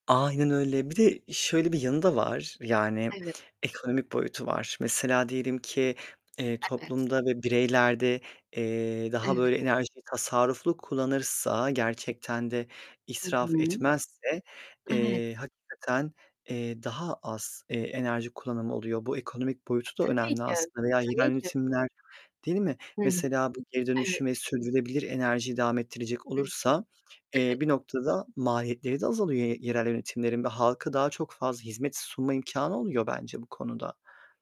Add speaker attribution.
Speaker 1: Aynen öyle. Bir de şöyle bir yanı da var: Yani,
Speaker 2: Evet.
Speaker 1: ekonomik boyutu var. Mesela, diyelim ki eee,
Speaker 2: Evet.
Speaker 1: toplumda ve bireylerde, eee, daha
Speaker 2: Evet.
Speaker 1: böyle enerjiyi tasarruflu kullanırsa, gerçekten de
Speaker 2: Hı
Speaker 1: israf
Speaker 2: hı.
Speaker 1: etmezse,
Speaker 2: Evet.
Speaker 1: eee, hakikaten, eee, daha az, eee, enerji kullanımı oluyor. Bu ekonomik boyutu da
Speaker 2: Tabii
Speaker 1: önemli
Speaker 2: ki,
Speaker 1: aslında veya yerel
Speaker 2: tabii ki.
Speaker 1: yönetimler Değil mi?
Speaker 2: Hı hı.
Speaker 1: Mesela, bu geri
Speaker 2: Evet.
Speaker 1: dönüşüm ve sürdürülebilir enerjiyi devam ettirecek
Speaker 2: Hı hı.
Speaker 1: olursa, eee,
Speaker 2: Evet.
Speaker 1: bir noktada maliyetleri de azalıyor ye ye yerel yönetimlerin ve halka daha çok fazla hizmet sunma imkânı oluyor bence bu konuda.